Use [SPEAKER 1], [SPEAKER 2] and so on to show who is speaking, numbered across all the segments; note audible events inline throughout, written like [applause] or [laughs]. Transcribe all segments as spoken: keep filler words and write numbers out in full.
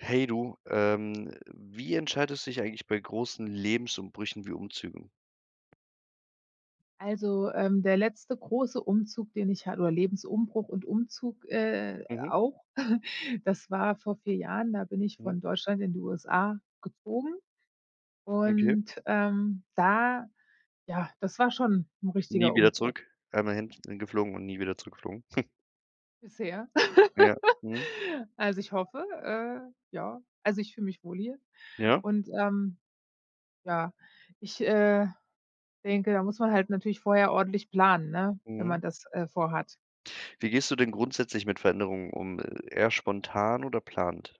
[SPEAKER 1] Hey, du, ähm, wie entscheidest du dich eigentlich bei großen Lebensumbrüchen wie Umzügen?
[SPEAKER 2] Also, ähm, der letzte große Umzug, den ich ha oder Lebensumbruch und Umzug, äh
[SPEAKER 1] Mhm.
[SPEAKER 2] auch. [chuckles] Das war vor vier Jahren, da bin ich
[SPEAKER 1] Mhm.
[SPEAKER 2] von Deutschland in die USA gezogen
[SPEAKER 1] Okay.
[SPEAKER 2] und, ähm, da ja, das war schon 'n
[SPEAKER 1] Nie
[SPEAKER 2] richtiger
[SPEAKER 1] wieder
[SPEAKER 2] Umbruch.
[SPEAKER 1] zurück. Einmal hin, äh, geflogen und nie wieder zurückgeflogen? [chuckles]
[SPEAKER 2] Bisher [laughs]
[SPEAKER 1] Ja, mhm.
[SPEAKER 2] Also, ich hoffe, äh, ja. Also, ich fühle mich wohl hier
[SPEAKER 1] Ja.
[SPEAKER 2] und, ähm ja. Ich, äh, denke, da muss man halt natürlich vorher ordentlich planen, ne, wenn
[SPEAKER 1] Mhm.
[SPEAKER 2] man das, äh, vorhat.
[SPEAKER 1] Wie gehst du denn grundsätzlich mit Veränderungen um, eher spontan oder plant? Mhm.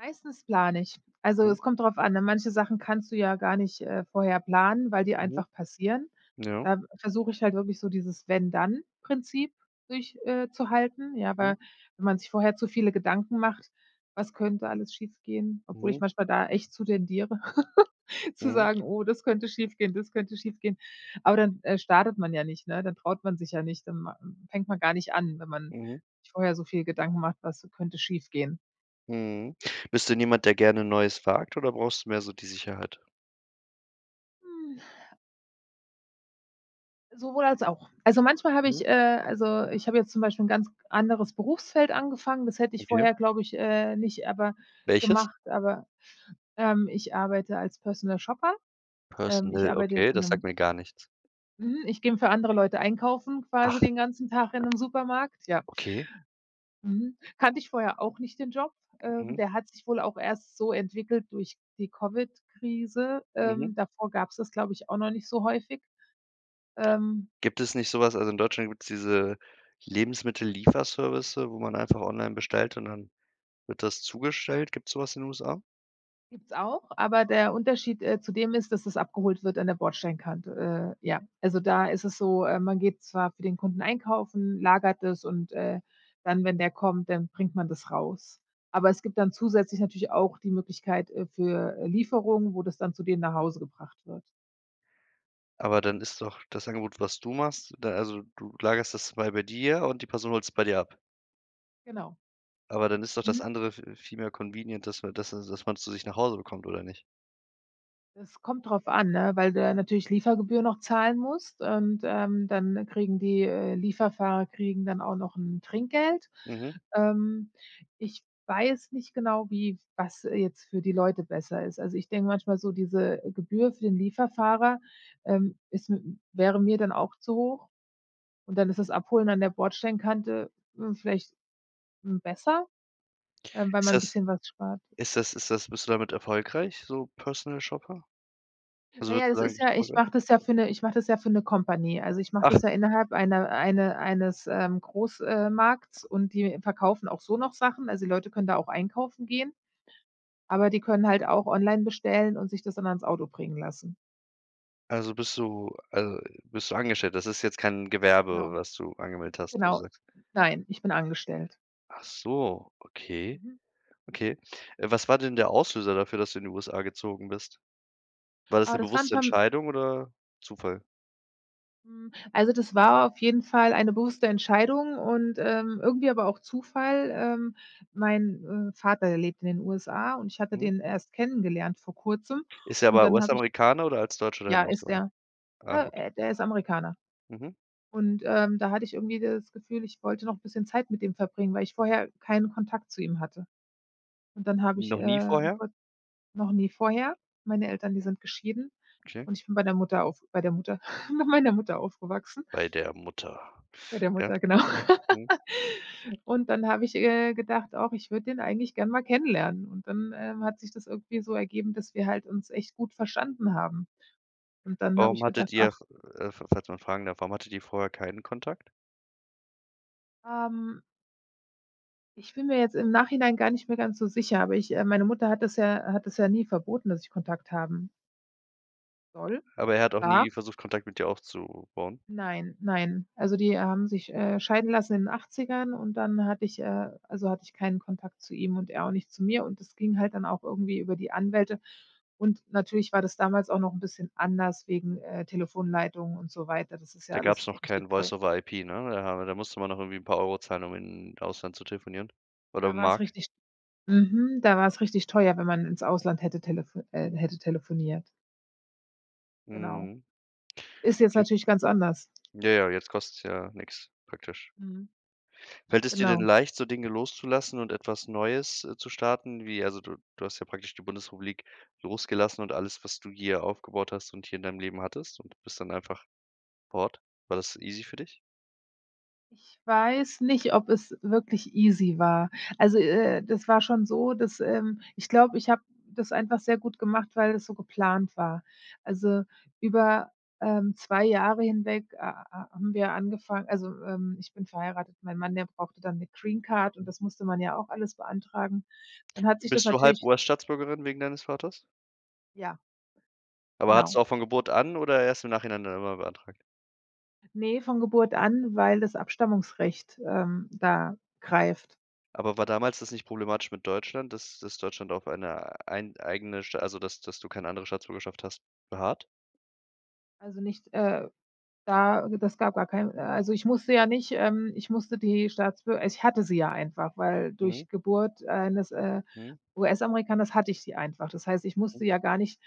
[SPEAKER 2] Meistens plane ich. Also,
[SPEAKER 1] Mhm.
[SPEAKER 2] es kommt drauf an, ne, manche Sachen kannst du ja gar nicht, äh, vorher planen, weil die
[SPEAKER 1] Mhm.
[SPEAKER 2] einfach passieren.
[SPEAKER 1] Ja.
[SPEAKER 2] Da versuche ich halt wirklich so dieses Wenn-Dann-Prinzip durch äh, zuhalten. Ja,
[SPEAKER 1] Mhm.
[SPEAKER 2] weil, wenn man sich vorher zu viele Gedanken macht: Was könnte alles schiefgehen, obwohl ich
[SPEAKER 1] Mhm.
[SPEAKER 2] manchmal da echt zu tendiere, [laughs] zu
[SPEAKER 1] Mhm.
[SPEAKER 2] sagen: „Oh, das könnte schiefgehen, das könnte schiefgehen.“ Aber dann, äh, startet man ja nicht, ne? Da traut man sich ja nicht, dann ma fängt man gar nicht an, wenn man
[SPEAKER 1] Mhm.
[SPEAKER 2] sich vorher so viel Gedanken macht: Was könnte schiefgehen?
[SPEAKER 1] Mhm. Bist du denn jemand, der gerne Neues wagt oder brauchst du mehr so die Sicherheit?
[SPEAKER 2] Hm. Sowohl als auch. Also, manchmal habe
[SPEAKER 1] Mhm.
[SPEAKER 2] ich, äh also, äh, ich habe jetzt zum Beispiel 'n ganz anderes Berufsfeld angefangen. Das hätte ich
[SPEAKER 1] Okay.
[SPEAKER 2] vorher, glaube ich, äh, nicht aber
[SPEAKER 1] Welches?
[SPEAKER 2] gemacht, aber ähm, ich arbeite als Personal Shopper. Ähm, ich
[SPEAKER 1] Personal?
[SPEAKER 2] arbeite
[SPEAKER 1] Okay,
[SPEAKER 2] jetzt in
[SPEAKER 1] das sagt
[SPEAKER 2] 'nem
[SPEAKER 1] mir gar nichts.
[SPEAKER 2] mhm, ich geh 'n für andere Leute einkaufen
[SPEAKER 1] Ach.
[SPEAKER 2] quasi den ganzen Tag in 'nem Supermarkt, ja.
[SPEAKER 1] Okay.
[SPEAKER 2] Mhm, kannte ich vorher auch nicht den Job. Ähm,
[SPEAKER 1] Mhm.
[SPEAKER 2] der hat sich wohl auch erst so entwickelt durch die Covid-Krise. Ähm,
[SPEAKER 1] Mhm.
[SPEAKER 2] davor gab es das, glaube ich, auch noch nicht so häufig. Ähm
[SPEAKER 1] Gibt es nicht so was also, in Deutschland gibt es diese Lebensmittellieferservices, wo man einfach online bestellt und dann wird das zugestellt? Gibt es so was in den USA?
[SPEAKER 2] Gibt es auch, aber der Unterschied, äh, zu dem ist, dass das abgeholt wird an der Bordsteinkante. Äh, ja. Also, da ist es so, äh, man geht zwar für den Kunden einkaufen, lagert es und, äh, dann, wenn der kommt, dann bringt man das raus. Aber es gibt dann zusätzlich natürlich auch die Möglichkeit, äh, für Lieferung, wo das dann zu denen nach Hause gebracht wird.
[SPEAKER 1] Aber, dann ist doch das Angebot, was du machst da also du lagerst das mal bei dir und die Person holt's bei dir ab?
[SPEAKER 2] Genau.
[SPEAKER 1] Aber, dann ist doch
[SPEAKER 2] Mhm.
[SPEAKER 1] das andere v viel mehr convenient, dass man dass dass man zu sich nach Hause bekommt oder nicht?
[SPEAKER 2] Es kommt drauf an, ne, weil du ja natürlich Liefergebühr noch zahlen musst und, ähm, dann kriegen die, äh, Lieferfahrer kriegen dann auch noch 'n Trinkgeld.
[SPEAKER 1] Mhm.
[SPEAKER 2] Ähm, ich weiß nicht genau, wie was jetzt für die Leute besser ist. Also, ich denke manchmal so, diese Gebühr für den Lieferfahrer, ähm, ist mit 'm wäre mir dann auch zu hoch und dann ist das Abholen an der Bordstein-Kante, hm, vielleicht, hm, besser? Ähm, weil
[SPEAKER 1] Ist
[SPEAKER 2] man 'n
[SPEAKER 1] das
[SPEAKER 2] bisschen was spart.
[SPEAKER 1] ist das ist das bist du damit erfolgreich, so Personal Shopper? Also
[SPEAKER 2] Na ja,
[SPEAKER 1] würdest du
[SPEAKER 2] das
[SPEAKER 1] sagen du
[SPEAKER 2] ist
[SPEAKER 1] bist
[SPEAKER 2] ja ich
[SPEAKER 1] erfolgreich?
[SPEAKER 2] mache das ja für 'ne ich mache das ja für 'ne Company. Also, ich mache das
[SPEAKER 1] Ach
[SPEAKER 2] ja innerhalb eine eine eines, ähm, Groß ähm, Markts und die verkaufen auch so noch Sachen, also die Leute können da auch einkaufen gehen, aber die können halt auch online bestellen und sich das dann ans Auto bringen lassen.
[SPEAKER 1] Also bist du also bist du angestellt? Das ist jetzt kein Gewerbe,
[SPEAKER 2] Genau.
[SPEAKER 1] was du angemeldet hast, wo du
[SPEAKER 2] Genau.
[SPEAKER 1] sagst?
[SPEAKER 2] Nein, ich bin angestellt.
[SPEAKER 1] Achso, okay.
[SPEAKER 2] Mhm.
[SPEAKER 1] Okay. Äh, was war denn
[SPEAKER 2] Mhm.
[SPEAKER 1] der Auslöser dafür, dass du in die USA gezogen bist? War das ‘ne
[SPEAKER 2] Aber das war 'n
[SPEAKER 1] bewusste
[SPEAKER 2] perm
[SPEAKER 1] Entscheidung oder Zufall?
[SPEAKER 2] Hm, also das war auf jeden Fall eine bewusste Entscheidung und, ähm, irgendwie aber auch Zufall. Ähm, mein, äh, Vater der lebt in den USA, und ich hatte
[SPEAKER 1] Mhm.
[SPEAKER 2] den erst kennengelernt vor Kurzem,
[SPEAKER 1] Ist er
[SPEAKER 2] und
[SPEAKER 1] aber
[SPEAKER 2] dann habe ich
[SPEAKER 1] US-Amerikaner oder als Deutscher
[SPEAKER 2] Ja,
[SPEAKER 1] dahin
[SPEAKER 2] ist
[SPEAKER 1] ausgewandert?
[SPEAKER 2] er.
[SPEAKER 1] Ah,
[SPEAKER 2] Äh
[SPEAKER 1] okay.
[SPEAKER 2] äh, der ist Amerikaner.
[SPEAKER 1] Mhm.
[SPEAKER 2] Und, ähm, da hatte ich irgendwie das Gefühl, ich wollte noch bisschen Zeit mit ihm verbringen, weil ich vorher keinen Kontakt zu ihm hatte. Und, dann habe ich,
[SPEAKER 1] Noch nie
[SPEAKER 2] äh,
[SPEAKER 1] vorher?
[SPEAKER 2] kurz noch nie vorher Meine Eltern, die sind geschieden,
[SPEAKER 1] Okay.
[SPEAKER 2] und ich bin bei der Mutter auf bei der Mutter [chuckles] bei meiner Mutter aufgewachsen.
[SPEAKER 1] Bei der Mutter.
[SPEAKER 2] Bei der
[SPEAKER 1] Ja.
[SPEAKER 2] Mutter, genau.
[SPEAKER 1] Mhm.
[SPEAKER 2] [laughs] Und, dann habe ich, äh, gedacht: „Och, ich würde den eigentlich gern mal kennenlernen“, und dann, ähm, hat sich das irgendwie so ergeben, dass wir halt uns echt gut verstanden haben. Und, dann habe
[SPEAKER 1] Warum
[SPEAKER 2] ich gedacht:
[SPEAKER 1] hattet ihr
[SPEAKER 2] „Ach“
[SPEAKER 1] f äh, falls man fragen darf, warum hattet ihr vorher keinen Kontakt?
[SPEAKER 2] Ähm Ich bin mir jetzt im Nachhinein gar nicht mehr ganz so sicher, aber ich, äh meine Mutter hat das ja hat das ja nie verboten, dass ich Kontakt haben soll
[SPEAKER 1] Aber er hat auch nie
[SPEAKER 2] darf.
[SPEAKER 1] versucht, Kontakt mit dir aufzubauen?
[SPEAKER 2] Nein, nein. Also, die haben sich, äh, scheiden lassen in Achtzigern und dann hatte ich äh, also hatte ich keinen Kontakt zu ihm und er auch nicht zu mir, und das ging halt dann auch irgendwie über die Anwälte. Und, natürlich war das damals auch noch ‘n bisschen anders wegen, äh, Telefonleitungen und so weiter, das ist ja
[SPEAKER 1] Da gab's
[SPEAKER 2] alles
[SPEAKER 1] noch
[SPEAKER 2] richtig
[SPEAKER 1] kein
[SPEAKER 2] teu
[SPEAKER 1] Voice over IP, ne? [unintelligible] da musste man noch irgendwie ‘n paar Euro zahlen, um in Ausland zu telefonieren oder
[SPEAKER 2] Da war's
[SPEAKER 1] Mark?
[SPEAKER 2] richtig mhm, da war's richtig teuer, wenn man ins Ausland hätte telef äh, hätte telefoniert. Genau.
[SPEAKER 1] Mhm.
[SPEAKER 2] Ist jetzt
[SPEAKER 1] Okay.
[SPEAKER 2] natürlich ganz anders.
[SPEAKER 1] Ja, ja, jetzt kostet's ja nix, praktisch.
[SPEAKER 2] Mhm.
[SPEAKER 1] Fällt es dir denn
[SPEAKER 2] Genau.
[SPEAKER 1] leicht, so Dinge loszulassen und etwas Neues, äh, zu starten, wie also du du hast ja praktisch die Bundesrepublik losgelassen und alles, was du hier aufgebaut hast und hier in deinem Leben hattest, und bist dann einfach fort. War das easy für dich?
[SPEAKER 2] Ich weiß nicht, ob es wirklich easy war. Also, äh, das war schon so, dass ähm, ich glaube, ich habe das einfach sehr gut gemacht, weil das so geplant war. Also, über, ähm, zwei Jahre hinweg ha ha haben wir angefangen also, ähm, ich bin verheiratet. Mein Mann, der brauchte dann 'ne Greencard und
[SPEAKER 1] Hm.
[SPEAKER 2] das musste man ja auch alles beantragen. Dann hat sich das
[SPEAKER 1] Bist du halb
[SPEAKER 2] natürlich
[SPEAKER 1] US-Staatsbürgerin wegen deines Vaters?
[SPEAKER 2] Ja.
[SPEAKER 1] Aber hatttest
[SPEAKER 2] Genau.
[SPEAKER 1] du auch von Geburt an oder erst im Nachhinein dann immer beantragt?
[SPEAKER 2] Ne, von Geburt an, weil das Abstammungsrecht, ähm, da greift.
[SPEAKER 1] Aber war damals das nicht problematisch mit Deutschland, dass dass Deutschland auf eine ein eigene St also dass dass du keine andere Staatsbürgerschaft hast, beharrt?
[SPEAKER 2] Also, nicht, äh da das gab gar keinen. Äh, also, ich musste ja nicht, ähm ich musste die Staatsbür ich hatte sie ja einfach, weil
[SPEAKER 1] Mhm.
[SPEAKER 2] durch Geburt eines, äh,
[SPEAKER 1] Mhm.
[SPEAKER 2] US-Amerikaners hatte ich sie einfach. Das heißt, ich
[SPEAKER 1] Mhm.
[SPEAKER 2] musste ja gar nicht,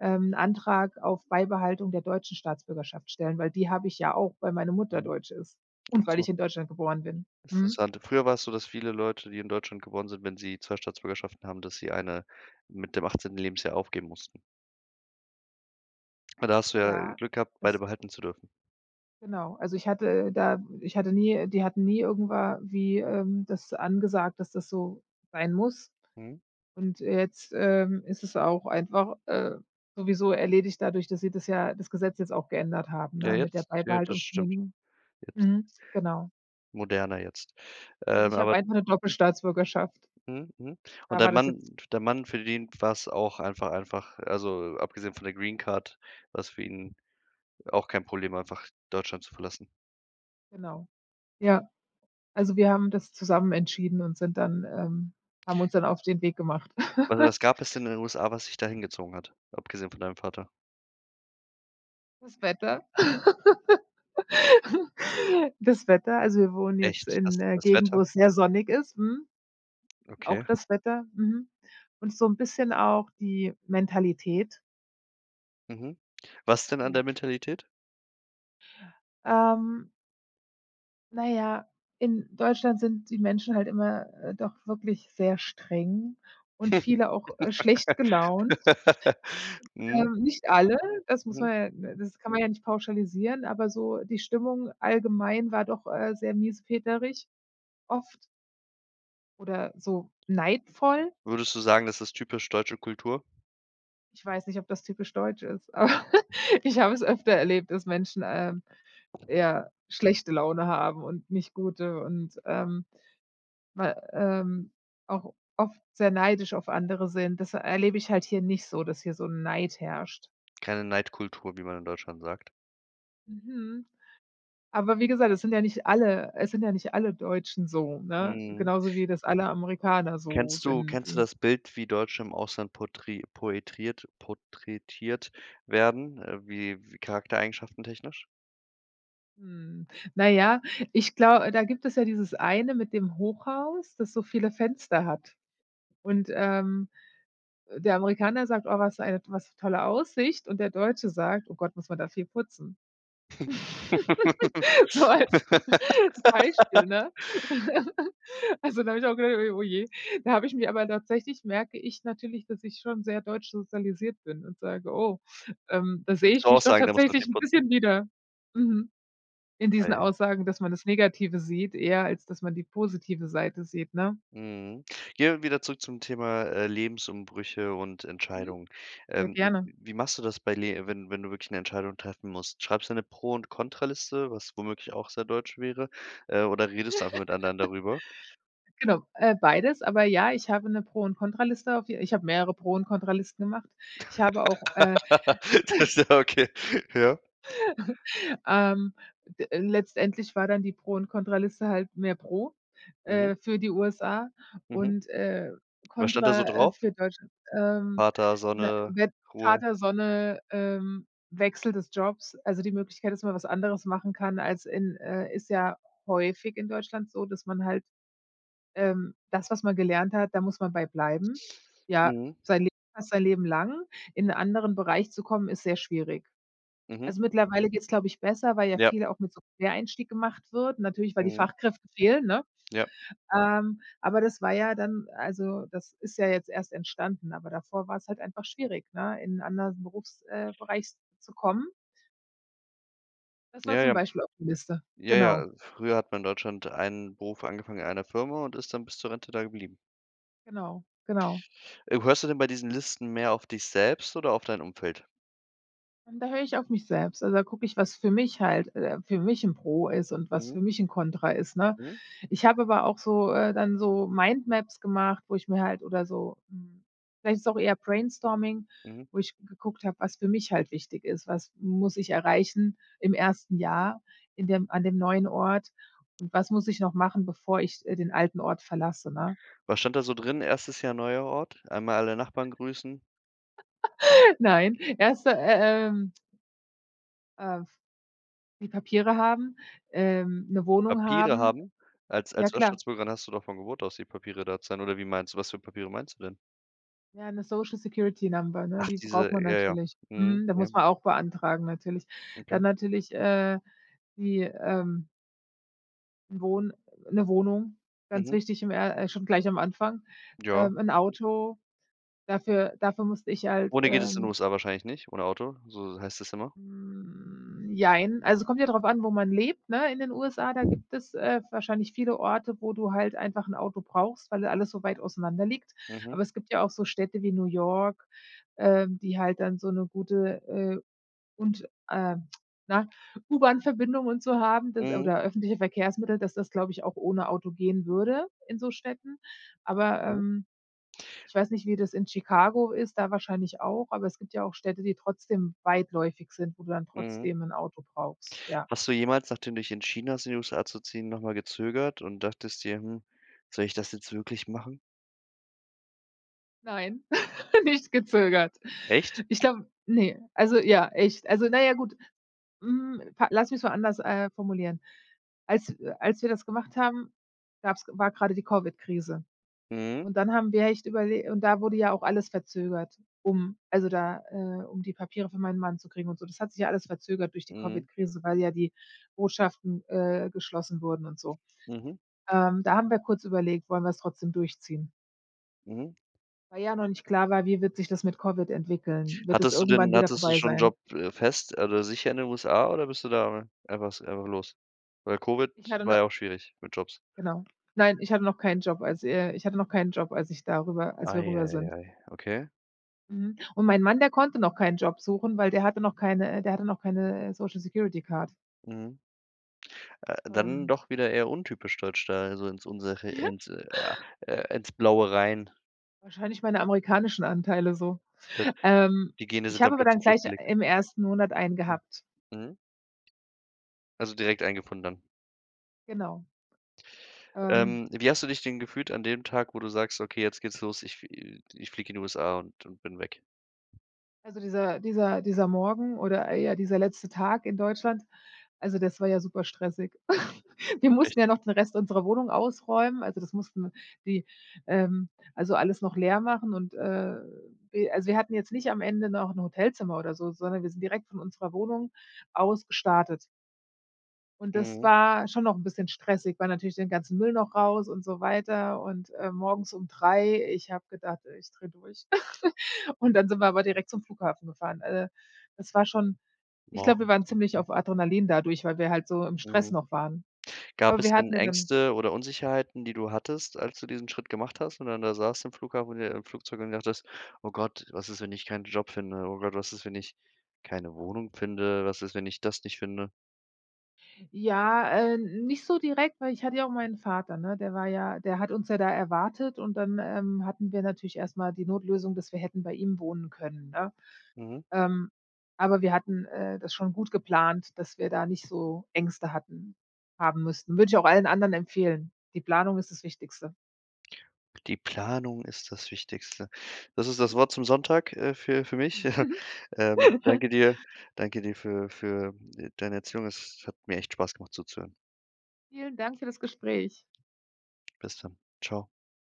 [SPEAKER 2] ähm, 'n Antrag auf Beibehaltung der deutschen Staatsbürgerschaft stellen, weil die habe ich ja auch, weil meine Mutter
[SPEAKER 1] Mhm.
[SPEAKER 2] deutsch ist
[SPEAKER 1] Ach
[SPEAKER 2] und weil
[SPEAKER 1] so.
[SPEAKER 2] ich in Deutschland geboren bin. Mhm.
[SPEAKER 1] Interessant. Früher war es so, dass viele Leute, die in Deutschland geboren sind wenn sie zwei Staatsbürgerschaften haben, dass sie eine mit dem achtzehnten Lebensjahr aufgeben mussten. Aber da hast du ja, äh,
[SPEAKER 2] Ja,
[SPEAKER 1] Glück gehabt,
[SPEAKER 2] es
[SPEAKER 1] beide behalten zu dürfen.
[SPEAKER 2] Genau. Also, ich hatte da ich hatte nie äh, die hatten nie irgendwa wie, ähm, das angesagt, dass das so sein muss.
[SPEAKER 1] Mhm.
[SPEAKER 2] Und jetzt, ähm, ist es auch einfach, äh, sowieso erledigt dadurch, dass sie das ja, das Gesetz jetzt auch geändert haben,
[SPEAKER 1] Ja,
[SPEAKER 2] ne, mit der
[SPEAKER 1] jetzt ja, das stimmt.
[SPEAKER 2] Beibehaltungsgenehmigung.
[SPEAKER 1] Jetzt
[SPEAKER 2] Mhm, genau.
[SPEAKER 1] Moderner jetzt.
[SPEAKER 2] Also,
[SPEAKER 1] Ähm,
[SPEAKER 2] ich hab
[SPEAKER 1] aber
[SPEAKER 2] einfach 'ne
[SPEAKER 1] Mhm.
[SPEAKER 2] Doppelstaatsbürgerschaft.
[SPEAKER 1] Mhm, mhm. Und
[SPEAKER 2] Da
[SPEAKER 1] dein
[SPEAKER 2] war das
[SPEAKER 1] Mann
[SPEAKER 2] jetzt
[SPEAKER 1] dein Mann, für den war es auch einfach einfach also, abgesehen von der Greencard, war es für ihn auch kein Problem, einfach Deutschland zu verlassen?
[SPEAKER 2] Genau. Ja. Also, wir haben das zusammen entschieden und sind dann, ähm haben uns dann auf den Weg gemacht.
[SPEAKER 1] Also,
[SPEAKER 2] [laughs]
[SPEAKER 1] was gab es denn in den USA, was dich da hingezogen hat, abgesehen von deinem Vater?
[SPEAKER 2] Das Wetter. [laughs] Das Wetter also wir wohnen jetzt
[SPEAKER 1] Echt? Das
[SPEAKER 2] in 'ner
[SPEAKER 1] das
[SPEAKER 2] Gegend, wo
[SPEAKER 1] Wetter?
[SPEAKER 2] es sehr sonnig ist, mhm
[SPEAKER 1] Okay.
[SPEAKER 2] auch das Wetter, mhm. Und so 'n bisschen auch die Mentalität.
[SPEAKER 1] Mhm. Was denn an
[SPEAKER 2] Ja.
[SPEAKER 1] der Mentalität?
[SPEAKER 2] Ähm Na ja, in Deutschland sind die Menschen halt immer, äh, doch wirklich sehr streng und viele auch, äh, schlecht gelaunt
[SPEAKER 1] [laughs]
[SPEAKER 2] und,
[SPEAKER 1] Mhm.
[SPEAKER 2] ähm, nicht alle, das muss
[SPEAKER 1] Mhm.
[SPEAKER 2] man ja d das kann man ja nicht pauschalisieren, aber so die Stimmung allgemein war doch, äh, sehr miesepeterig oft oder so neidvoll.
[SPEAKER 1] Würdest du sagen, das ist typisch deutsche Kultur?
[SPEAKER 2] Ich weiß nicht, ob das typisch Deutsch ist, aber [chuckles] ich habe es öfter erlebt, dass Menschen, ähm, ja schlechte Laune haben und nicht gute und, ähm, mal, ähm auch oft sehr neidisch auf andere sind. Das erlebe ich halt hier nicht so, dass hier so 'n Neid herrscht.
[SPEAKER 1] Keine Neidkultur, wie man in Deutschland sagt?
[SPEAKER 2] Mhm. Aber wie gesagt, es sind ja nicht alle es sind ja nicht alle Deutschen so, ne?
[SPEAKER 1] Mhm.
[SPEAKER 2] Genauso wie das alle Amerikaner so
[SPEAKER 1] Kennst du
[SPEAKER 2] sind
[SPEAKER 1] kennst du
[SPEAKER 2] wie
[SPEAKER 1] das Bild, wie Deutsche im Ausland portri poetriert porträtiert werden, äh, wie w Charaktereigenschaften-technisch?
[SPEAKER 2] Hm, na ja, ich glau da gibt es ja dieses eine mit dem Hochhaus, das so viele Fenster hat und, ähm, äh, der Amerikaner sagt: „Oh, was für eine was 'ne tolle Aussicht und der Deutsche sagt: „Oh Gott, muss man da viel putzen.“ [laughs] So als Beispiel,
[SPEAKER 1] [laughs]
[SPEAKER 2] ne? [laughs] Also, da habe ich auch gedacht: „Oh je.“ Da habe ich mir aber tatsächlich merke ich natürlich, dass ich schon sehr deutsch sozialisiert bin und sage: „Oh, ähm, da sehe
[SPEAKER 1] Würdest du
[SPEAKER 2] ich
[SPEAKER 1] auch
[SPEAKER 2] mich doch
[SPEAKER 1] sagen da muss man viel
[SPEAKER 2] tatsächlich 'n
[SPEAKER 1] putzen?
[SPEAKER 2] bisschen wieder. Mhm. In diesen
[SPEAKER 1] Aiaiai.
[SPEAKER 2] Aussagen, dass man das Negative sieht, eher als dass man die positive Seite sieht.“ Ne?
[SPEAKER 1] Mhm, gehen wir wieder zurück zum Thema, äh, Lebensumbrüche und
[SPEAKER 2] Mhm,
[SPEAKER 1] Entscheidungen.
[SPEAKER 2] sehr
[SPEAKER 1] Ähm, w
[SPEAKER 2] gerne.
[SPEAKER 1] wie machst du das bei le wenn wenn du wirklich eine Entscheidung treffen musst? Schreibst du eine Pro und Contra-Liste, was womöglich auch sehr deutsch wäre, äh, oder redest du einfach mit anderen darüber?
[SPEAKER 2] [laughs] Genau, äh, beides, aber ja, ich habe 'ne Pro und Contra-Liste auf die ich habe mehrere Pro und Contra-Liste gemacht. Ich habe auch, äh
[SPEAKER 1] [laughs]
[SPEAKER 2] [chuckles]
[SPEAKER 1] Das ja, okay. Ja?
[SPEAKER 2] [laughs] Ähm, d letztendlich war dann die Pro und Contra-Liste halt mehr Pro,
[SPEAKER 1] Mhm.
[SPEAKER 2] äh, für die USA
[SPEAKER 1] Mhm.
[SPEAKER 2] und, äh,
[SPEAKER 1] Was stand da so
[SPEAKER 2] Kontra, äh,
[SPEAKER 1] drauf?
[SPEAKER 2] für Deutschland. Ähm,
[SPEAKER 1] Vater,
[SPEAKER 2] we
[SPEAKER 1] Sonne,
[SPEAKER 2] we
[SPEAKER 1] Ruhe.
[SPEAKER 2] Vater Sonne, ähm, Wechsel des Jobs. Also, die Möglichkeit ist, dass man was anderes machen kann als in, äh ist ja häufig in Deutschland so, dass man halt, ähm das, was man gelernt hat, da muss man bei bleiben. Ja,
[SPEAKER 1] Mhm.
[SPEAKER 2] sein Le fast sein Leben lang. In 'n anderen Bereich zu kommen, ist sehr schwierig.
[SPEAKER 1] Mhm.
[SPEAKER 2] Also, mittlerweile geht's, glaube ich, besser, weil ja
[SPEAKER 1] Ja.
[SPEAKER 2] viel auch mit so Quereinstieg gemacht wird. Natürlich, weil die
[SPEAKER 1] Mhm.
[SPEAKER 2] Fachkräfte fehlen, ne?
[SPEAKER 1] Ja.
[SPEAKER 2] Ähm, aber das war ja dann also, das ist ja jetzt erst entstanden, aber davor war es halt einfach schwierig, ne, in anderen Berufs äh, Bereich zu kommen. Das war
[SPEAKER 1] Ja,
[SPEAKER 2] zum
[SPEAKER 1] ja.
[SPEAKER 2] Beispiel auf die Liste.
[SPEAKER 1] Ja, ja.
[SPEAKER 2] Genau.
[SPEAKER 1] Früher hat man in Deutschland einen Beruf angefangen in einer Firma und ist dann bis zur Rente da geblieben.
[SPEAKER 2] Genau, genau.
[SPEAKER 1] Äh, hörst du denn bei diesen Listen mehr auf dich selbst oder auf dein Umfeld?
[SPEAKER 2] Und da höre ich auf mich selbst. Also, da gucke ich, was für mich halt, äh für mich 'n Pro ist und was
[SPEAKER 1] Mhm.
[SPEAKER 2] für mich 'n Kontra ist, ne?
[SPEAKER 1] Mhm.
[SPEAKER 2] Ich habe aber auch so äh, dann so Mindmaps gemacht, wo ich mir halt oder so, hm vielleicht ist auch eher Brainstorming,
[SPEAKER 1] Mhm.
[SPEAKER 2] wo ich geguckt habe, was für mich halt wichtig ist. Was muss ich erreichen im ersten Jahr in dem an dem neuen Ort? Und was muss ich noch machen, bevor ich, äh, den alten Ort verlasse, ne?
[SPEAKER 1] Was stand da so drin? erstes Jahr, neuer Ort? Einmal alle Nachbarn grüßen?
[SPEAKER 2] [laughs] Nein, erst, äh, ähm äh, f die Papiere haben, ähm, 'ne Wohnung
[SPEAKER 1] Papiere
[SPEAKER 2] haben.
[SPEAKER 1] haben? Als
[SPEAKER 2] Ja,
[SPEAKER 1] als
[SPEAKER 2] klar.
[SPEAKER 1] US-Staatsbürgerin hast du doch von Geburt aus die Papiere [unintelligible] oder wie meinst du, was für Papiere meinst du denn?
[SPEAKER 2] Ja, 'ne Social Security Number, ne?
[SPEAKER 1] Ach,
[SPEAKER 2] Die braucht
[SPEAKER 1] diese,
[SPEAKER 2] man
[SPEAKER 1] ja, ja.
[SPEAKER 2] natürlich.
[SPEAKER 1] Mhm,
[SPEAKER 2] Mhm. Da
[SPEAKER 1] ja.
[SPEAKER 2] muss man auch beantragen natürlich.
[SPEAKER 1] Okay.
[SPEAKER 2] Dann natürlich, äh, die, ähm n' Wohn 'ne Wohnung, ganz
[SPEAKER 1] Mhm.
[SPEAKER 2] wichtig im er äh, schon gleich am Anfang.
[SPEAKER 1] Ja.
[SPEAKER 2] Ähm, 'n Auto, dafür dafür musste ich halt,
[SPEAKER 1] Ohne geht es in den
[SPEAKER 2] ähm
[SPEAKER 1] USA wahrscheinlich nicht, ohne Auto, so so heißt es immer?
[SPEAKER 2] Hm, jein. Also, kommt ja drauf an, wo man lebt, ne? In den USA, da gibt es, äh, wahrscheinlich viele Orte, wo du halt einfach 'n Auto brauchst, weil da alles so weit auseinander liegt.
[SPEAKER 1] Mhm.
[SPEAKER 2] Aber es gibt ja auch so Städte wie New York, ähm, die halt dann so 'ne gute, äh und äh [clicks tongue] na, U-Bahn-Verbindungen und so haben d
[SPEAKER 1] Mhm.
[SPEAKER 2] oder öffentliche Verkehrsmittel, dass das, glaube ich, auch ohne Auto gehen würde in so Städten. Aber,
[SPEAKER 1] Mhm.
[SPEAKER 2] ähm, ich weiß nicht, wie das in Chicago ist, da wahrscheinlich auch, aber es gibt ja auch Städte, die trotzdem weitläufig sind, wo du dann
[SPEAKER 1] Mhm.
[SPEAKER 2] trotzdem 'n Auto brauchst. Ja.
[SPEAKER 1] Hast du jemals, nachdem du dich entschieden hast, in die USA zu ziehen, noch mal gezögert und dachtest dir: „Hm, soll ich das jetzt wirklich machen?“
[SPEAKER 2] Nein, [chuckles] nicht gezögert.
[SPEAKER 1] Echt?
[SPEAKER 2] Ich glaube ne, also ja, echt also na ja, gut hm, lass mich's mal anders, äh, formulieren. Als w als wir das gemacht haben, gab's war grade die Covid-Krise.
[SPEAKER 1] Mhm.
[SPEAKER 2] Und dann haben wir echt überle und da wurde ja auch alles verzögert, um, also da äh, um die Papiere für meinen Mann zu kriegen und so. Das hat sich ja alles verzögert durch die
[SPEAKER 1] Mhm.
[SPEAKER 2] Covid-Krise, weil ja die Botschaften, äh, geschlossen wurden und so.
[SPEAKER 1] Mhm.
[SPEAKER 2] Ähm, da haben wir kurz überlegt: „Wollen wir's trotzdem durchziehen?”
[SPEAKER 1] Mhm.
[SPEAKER 2] Weil ja noch nicht klar war, wie wird sich das mit Covid entwickeln? Wird es
[SPEAKER 1] Hattest du
[SPEAKER 2] irgendwann
[SPEAKER 1] denn
[SPEAKER 2] wieder
[SPEAKER 1] hattest du
[SPEAKER 2] vorbei
[SPEAKER 1] schon 'n
[SPEAKER 2] sein?
[SPEAKER 1] Job, äh, fest oder sicher in den USA, oder bist du da einfach einfach los, weil Covid
[SPEAKER 2] Ich hatte
[SPEAKER 1] war
[SPEAKER 2] no
[SPEAKER 1] ja auch schwierig mit Jobs.
[SPEAKER 2] Genau. Nein, ich hatte noch keinen Job als äh, ich hatte noch keinen Job, als ich da rüber als wir
[SPEAKER 1] Ei
[SPEAKER 2] rüber
[SPEAKER 1] ei
[SPEAKER 2] sind.
[SPEAKER 1] ei, okay.
[SPEAKER 2] Mhm. Und mein Mann, der konnte noch keinen Job suchen, weil der hatte noch keine äh, der hatte noch keine, äh, Social-Security-Card.
[SPEAKER 1] Mhm. Äh, dann
[SPEAKER 2] Ähm.
[SPEAKER 1] doch wieder eher untypisch deutsch da, also ins unsere
[SPEAKER 2] Ja.
[SPEAKER 1] ins äh, ins Blaue rein.
[SPEAKER 2] Wahrscheinlich meine amerikanischen Anteile so.
[SPEAKER 1] [unintelligible]
[SPEAKER 2] Ähm,
[SPEAKER 1] Die Gene
[SPEAKER 2] ich
[SPEAKER 1] sind
[SPEAKER 2] habe
[SPEAKER 1] dann
[SPEAKER 2] aber dann
[SPEAKER 1] plötzlich
[SPEAKER 2] gleich
[SPEAKER 1] losgelegt.
[SPEAKER 2] im ersten Monat einen
[SPEAKER 1] [unintelligible]
[SPEAKER 2] gehabt.
[SPEAKER 1] Mhm. Also direkt einen gefunden dann?
[SPEAKER 2] Genau. Ähm.
[SPEAKER 1] Ähm, wie hast du dich denn gefühlt an dem Tag, wo du sagst: „Okay, jetzt geht's los, ich f ich flieg in die USA und, ähm, bin weg?”
[SPEAKER 2] Also dieser dieser dieser Morgen oder eher dieser letzte Tag in Deutschland also das war ja super stressig. [laughs] Wir
[SPEAKER 1] Echt?
[SPEAKER 2] mussten ja noch den Rest unserer Wohnung ausräumen. Also das mussten die ähm, also alles noch leer machen und, äh, wir also wir hatten jetzt nicht am Ende noch 'n Hotelzimmer oder so, sondern wir sind direkt von unserer Wohnung aus gestartet. Und das
[SPEAKER 1] Mhm.
[SPEAKER 2] war schon noch 'n bisschen stressig, weil natürlich den ganzen Müll noch raus und so weiter und, äh, morgens um drei. Ich habe gedacht, ich drehe durch. [laughs] Und dann sind wir aber direkt zum Flughafen gefahren. Äh, das war schon ich glaube, wir
[SPEAKER 1] Morgens
[SPEAKER 2] waren
[SPEAKER 1] um
[SPEAKER 2] ziemlich
[SPEAKER 1] drei.
[SPEAKER 2] auf Adrenalin dadurch, weil wir halt so im Stress
[SPEAKER 1] Mhm.
[SPEAKER 2] noch waren.
[SPEAKER 1] Gab
[SPEAKER 2] Aber
[SPEAKER 1] es
[SPEAKER 2] wir
[SPEAKER 1] denn
[SPEAKER 2] hatten ja dann
[SPEAKER 1] Ängste oder Unsicherheiten, die du hattest, als du diesen Schritt gemacht hast und dann da saßt im Flughafen oder im Flugzeug und gedacht hast: „Oh Gott, was ist, wenn ich keinen Job finde? Oder was ist, wenn ich keine Wohnung finde? Was ist, wenn ich das nicht finde?”
[SPEAKER 2] Ja, äh, nicht so direkt, weil ich hatte ja auch meinen Vater, ne? Der war ja der hat uns ja da erwartet und dann, ähm, hatten wir natürlich erst mal die Notlösung, dass wir hätten bei ihm wohnen können, ne?
[SPEAKER 1] Mhm.
[SPEAKER 2] Ähm, aber wir hatten, äh, das schon gut geplant, dass wir da nicht so Ängste hatten haben müssten. Würde ich auch allen anderen empfehlen. Die Planung ist das Wichtigste.
[SPEAKER 1] Die Planung ist das Wichtigste. Das ist das
[SPEAKER 2] Mhm.
[SPEAKER 1] Wort zum Sonntag, äh, für für mich. [chuckles] Ähm,
[SPEAKER 2] [chuckles]
[SPEAKER 1] danke dir danke dir für für deine Erzählung. Es hat mir echt Spaß gemacht zuzuhören.
[SPEAKER 2] Vielen Dank für das Gespräch.
[SPEAKER 1] Bis dann. Ciao.